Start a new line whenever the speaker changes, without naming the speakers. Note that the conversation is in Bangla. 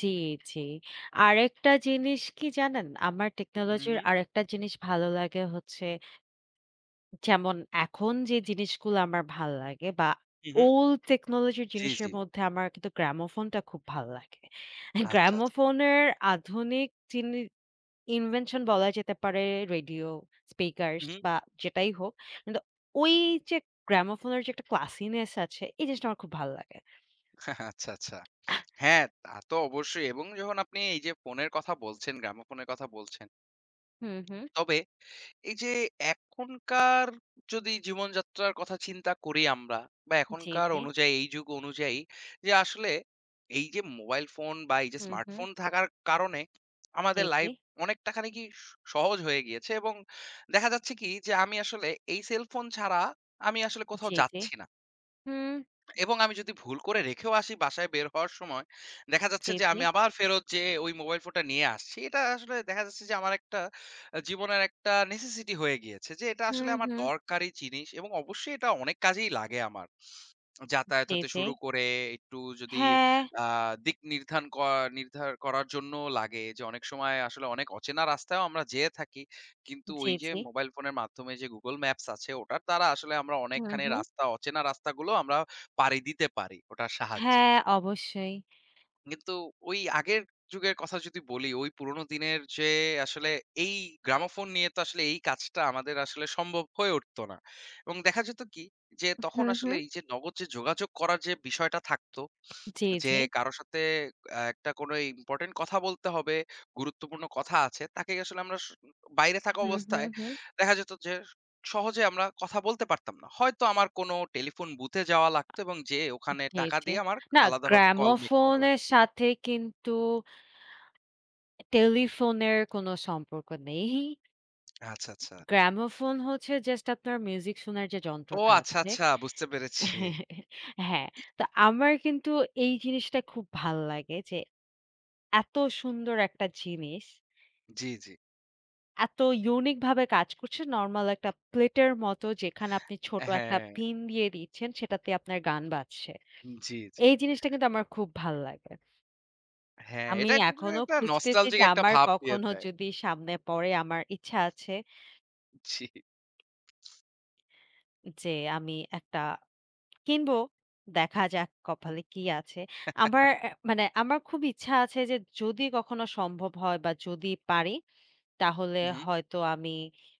জি, জি, আরেকটা জিনিস কি জানেন? আমার
হুম,
টেকনোলজির
হুম।
আরেকটা জিনিস ভালো লাগে হচ্ছে যেমন, এখন যে জিনিসগুলো আমার ভাল লাগে বা
হুম, হুম।
old technology
জি,
জিনিসের
জি।
মধ্যে আমার কিন্তু gramophone টা খুব ভালো লাগে।
আচ্ছা, আচ্ছা।
gramophone এর আধুনিক জিনি invention বলা যেতে পারে, radio, speakers
হুম, হুম।
বা যেটাই হোক। কিন্তু ওই যে gramophone এর যে একটা classiness আছে এই জিনিসটা আমার খুব ভালো লাগে।
আচ্ছা, আচ্ছা। হ্যাঁ তা তো অবশ্যই এবং যখন আপনি এই যে ফোনের কথা বলছেন, gramophone এর কথা বলছেন।
হুম, হুম।
তবে এই যে এখনকার যদি জীবনযাত্রার কথা চিন্তা করি আমরা বা
জি,
এখনকার
জি।
অনুযায়ী এই যুগ অনুযায়ী যে আসলে এই যে মোবাইল ফোন বা এই যে
হুম, হুম।
স্মার্টফোন থাকার কারণে
জি,
আমাদের
জি।
লাইফ অনেকটা খানিকই স সহজ হয়ে গিয়েছে এবং দেখা যাচ্ছে কি যে আমি আসলে এই cellphone ছাড়া আমি আসলে কোথাও
জি, জি,
যাচ্ছি না
হুম।
এবং আমি যদি ভুল করে রেখেও আসি বাসায় বের হওয়ার সময়, দেখা
জি,
যাচ্ছে যে
জি।
আমি আবার ফেরত যেয়ে ওই মোবাইল ফোনটা নিয়ে আসছি। এটা আসলে দেখা যাচ্ছে যে আমার একটা আ জীবনের একটা necessity হয়ে গিয়েছে যে এটা
হুম,
আসলে আমার
হুম।
দরকারি জিনিস এবং অবশ্যই এটা অনেক কাজেই লাগে আমার। যাতায়াত
জি,
হতে
জি।
শুরু করে একটু যদি
হ্যাঁ।
আ দিক নির্ধারন করা নির্ধারন করার জন্যও লাগে যে অনেক সময় আসলে অনেক অচেনা রাস্তায় আমরা যেয়ে থাকি। কিন্তু
জি,
ওই যে
জি।
মোবাইল ফোনের মাধ্যমে যে Google maps আছে ওটার দ্বারা আসলে আমরা
হুম,
অনেকখানি
হুম।
রাস্তা, অচেনা রাস্তাগুলো আমরা পাড়ি দিতে পারি, ওটার সাহায্যে।
হ্যাঁ, অবশ্যই।
কিন্তু ওই আগের যুগের কথা যদি বলি, ওই পুরনো দিনের যে আসলে এই gramophone নিয়ে তো আসলে এই কাজটা আমাদের আসলে সম্ভব হয়ে উঠত না এবং দেখা যেত কি? যে
উ
তখন
হুম,
আসলে
হুম।
এই যে নগদ যে যোগাযোগ করার যে বিষয়টা থাকতো
জি,
যে
জি।
কারো সাথে আ একটা কোনো ইম্পোর্টেন্ট কথা বলতে হবে, গুরুত্বপূর্ণ কথা আছে তাকে আসলে আমরা স বাইরে থাকা
হুম, হুম,
অবস্থায়
হুম।
দেখা যেত যে সহজে আমরা কথা বলতে পারতাম না। হয়তো আমার কোনো টেলিফোন বুথে যাওয়া লাগতো এবং যেয়ে ওখানে
জি,
টাকা
জি,
দিয়ে আমার
না।
আলাদাভাবে call make করা
gramophone
লাগতো।
এর সাথে কিন্তু টেলিফোনের কোন সম্পর্ক নেই।
আচ্ছা, আচ্ছা।
gramophone হচ্ছে জাস্ট আপনার মিউজিক শোনার যে
ও
যন্ত্রটা
আচ্ছা,
আছে।
আচ্ছা, বুঝতে পেরেছি।
হ্যাঁ, তো আমার কিন্তু এই জিনিসটা খুব ভাল লাগে যে, এত সুন্দর একটা জিনিস
জি, জি।
এত unique ভাবে কাজ করছে নরমাল একটা প্লেটের মতো যেখানে আপনি ছোট একটা
হ্যাঁ।
পিন দিয়ে দিচ্ছেন সেটাতে আপনার গান বাজছে।
জি, জি।
এই জিনিসটা কিন্তু আমার খুব ভাল লাগে।
হ্যাঁ,
আমি
এটা [unintelligible]
এখনো
একটা
খুঁজতেছি
নস্টালজিক
যে
একটা
আমার
ভাব দিয়ে
কখনো
দেয়।
যদি সামনে পড়ে আমার ইচ্ছা আছে।
জি।
যে আমি একটা কিনব, দেখা যাক কপালে কি আছে। আমার এ মানে আমার খুব ইচ্ছা আছে যে যদি কখনো সম্ভব হয় বা যদি পারি তাহলে
হুম, হুম।
হয়তো আমি